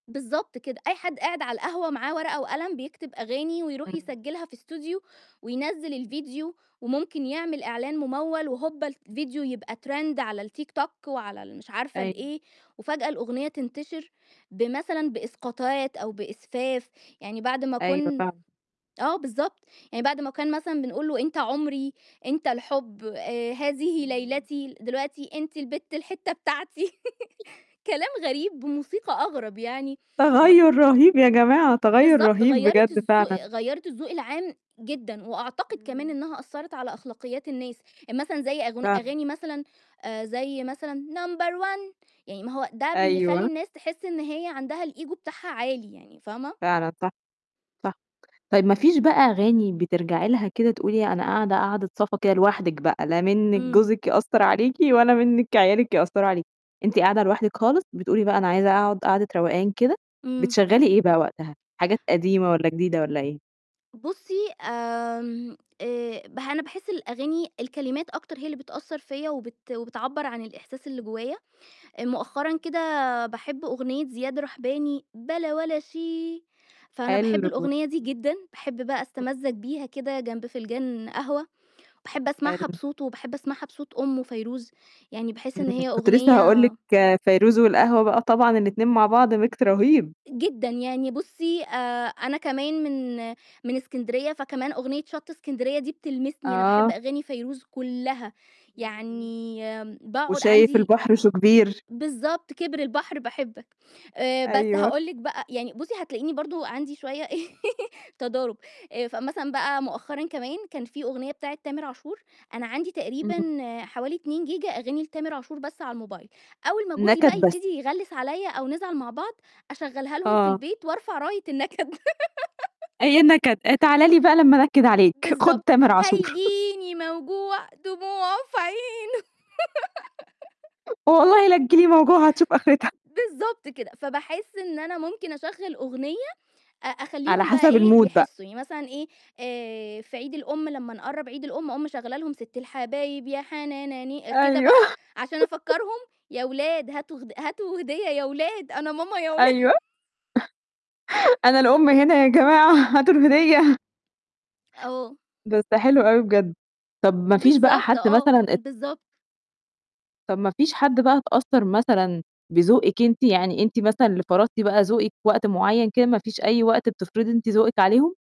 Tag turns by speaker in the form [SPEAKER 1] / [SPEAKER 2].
[SPEAKER 1] بالضبط كده. أي حد قاعد على القهوة معاه ورقة وقلم بيكتب أغاني ويروح
[SPEAKER 2] إمم.
[SPEAKER 1] يسجلها في Studio وينزِّل الفيديو، وممكن يعمل إعلان مموّل وهوبا الفيديو يبقى trend على التيك توك وعلى المش عارفة
[SPEAKER 2] أيوه.
[SPEAKER 1] الإيه، وفجأة الأغنية تنتشر بمثلًا بإسقاطات أو بإسفاف، يعني بعد ما
[SPEAKER 2] أيوه،
[SPEAKER 1] كن
[SPEAKER 2] فعلًا.
[SPEAKER 1] آه بالضبط، يعني بعد ما كان مثلًا بنقول له: "أنت عمري، أنت الحب، آآ، هذه
[SPEAKER 2] إمم.
[SPEAKER 1] ليلتي" دلوقتي: "أنت البت الحتة بتاعتي" كلام غريب بموسيقى أغرب يعني غ
[SPEAKER 2] تغيّر رهيب يا جماعة، تغيّر
[SPEAKER 1] بالضبط
[SPEAKER 2] رهيب
[SPEAKER 1] غيّرت
[SPEAKER 2] بجد
[SPEAKER 1] الزو
[SPEAKER 2] فعلًا.
[SPEAKER 1] غيّرت الذوق العام جدًا، وأعتقد كمان
[SPEAKER 2] إمم.
[SPEAKER 1] إنها أثرّت على أخلاقيات الناس، يعني مثلًا زي أغن
[SPEAKER 2] فعلًا.
[SPEAKER 1] أغاني مثلًا زي مثلًا "number one" يعني ما هو ده بيخلّي
[SPEAKER 2] أيوه.
[SPEAKER 1] الناس تحس إن هي عندها الEgo بتاعها عالي يعني، فاهمة؟
[SPEAKER 2] فعلًا صح. صح. طيب ما فيش بقى أغاني بترجعي لها كده تقولي أنا قاعدة، قاعدِة صفا كده لوحدِك بقى، لا منِك
[SPEAKER 1] إمم.
[SPEAKER 2] جوزِك يأثّر عليكِ ولا منِك عيالِك يأثّروا عليكِ. أنتِ قاعدة لوحدِك خالص، بتقولي بقى: "أنا عايزة أقعد قعدة روقان كده"
[SPEAKER 1] إمم.
[SPEAKER 2] بتشغلّي إيه بقى وقتها؟ حاجات قديمة والّا جديدة والّا إيه؟
[SPEAKER 1] بُصّي آمم، آآ، ب أنا باحس الأغاني الكلمات أكتر هي اللي بتأثّر فيّا وبت وبتعبَّر عن الإحساس اللي جوايا، مؤخرًا كده باحب أغنية زياد رحباني: "بلا ولا شي" فأنا باحب
[SPEAKER 2] حلو
[SPEAKER 1] الأغنية دي
[SPEAKER 2] إمم.
[SPEAKER 1] جدًا، باحب بقى أستمَّزج
[SPEAKER 2] إمم.
[SPEAKER 1] بيها كده جنب فنجان قهوة، وباحب أسمعها
[SPEAKER 2] حلو.
[SPEAKER 1] بصوته، وباحب أسمعها بصوت أُمُه فيروز، يعني باحس
[SPEAKER 2] إمم،
[SPEAKER 1] إن هي
[SPEAKER 2] كنت لسّه هاقول
[SPEAKER 1] أغنية
[SPEAKER 2] لِك فيروز والقهوة بقى طبعًا الاتنين مع بعض Mix رهيب.
[SPEAKER 1] جدًا، يعني بُصّي آآ، أنا كمان من من إسكندرية فكمان أغنية شط إسكندرية دي بتلمسني، أنا باحب
[SPEAKER 2] آه.
[SPEAKER 1] أغاني فيروز كلّها
[SPEAKER 2] إمم، إمم.
[SPEAKER 1] يعني آمم، باقعد
[SPEAKER 2] و"شايف
[SPEAKER 1] عَندي
[SPEAKER 2] البحر شو كبير"
[SPEAKER 1] بالضبط كِبر البحر باحبك، بس
[SPEAKER 2] أيوه.
[SPEAKER 1] هاقول لِك بقى يعني بُصّي هتلاقيني برضه عَندي شوية تضارب، فمثلًا بقى مؤخرًا كمان كان في أغنية بتاعة تامر عاشور، أنا عندي
[SPEAKER 2] إمم.
[SPEAKER 1] تقريبًا حوالي 2 جيجا أغاني لتامر عاشور بس على الموبايل، أول ما جوزي
[SPEAKER 2] نكد
[SPEAKER 1] بقى
[SPEAKER 2] بس.
[SPEAKER 1] يبتدي يغلّس عليَّ أو نزعل مع بعض أشغلّها لهم في
[SPEAKER 2] آه.
[SPEAKER 1] البيت وأرفع راية النكد.
[SPEAKER 2] أيوه نكد أ "تعالى لي بقى لمّا أنكد عليك، خد
[SPEAKER 1] بالضبط.
[SPEAKER 2] تامر عاشور."
[SPEAKER 1] "هيجيني موجوع دموعُه في عينُه."
[SPEAKER 2] "والله لتيجي لي موجوع وهتشوف آخرتها."
[SPEAKER 1] بالضبط كده، فباحس إن أنا ممكن أشغّل أغنية أ
[SPEAKER 2] على
[SPEAKER 1] أخلّيهم بقى
[SPEAKER 2] حسب
[SPEAKER 1] إيه
[SPEAKER 2] الMood بقى.
[SPEAKER 1] يحسّوا، يعني مثلًا إيه، آآ، في عيد الأم لمّا نقرّب عيد الأم أقوم مشغلّة لهم: "ست الحبايب يا حنان ني" كده
[SPEAKER 2] أيوه
[SPEAKER 1] بقى عشان أفكّرهم: "يا ولاد هاتوا غد هاتوا هدية يا ولاد أنا ماما يا ولا"
[SPEAKER 2] أيوه، "أنا الأم هنا يا جماعة هاتوا الهدية."
[SPEAKER 1] آه.
[SPEAKER 2] بس حلو أوي بجد، طب ما فيش بقى
[SPEAKER 1] بالضبط،
[SPEAKER 2] حد
[SPEAKER 1] آه.
[SPEAKER 2] مثلًا ات
[SPEAKER 1] بالضبط.
[SPEAKER 2] طب ما فيش حد بقى اتأثّر مثلًا بذوقِك أنتِ، يعني أنتِ مثلًا اللي فرضتِ بقى ذوقِك في وقت معيّن كده ما فيش أي وقت بتفرضي أنتِ ذوقِك عليهم؟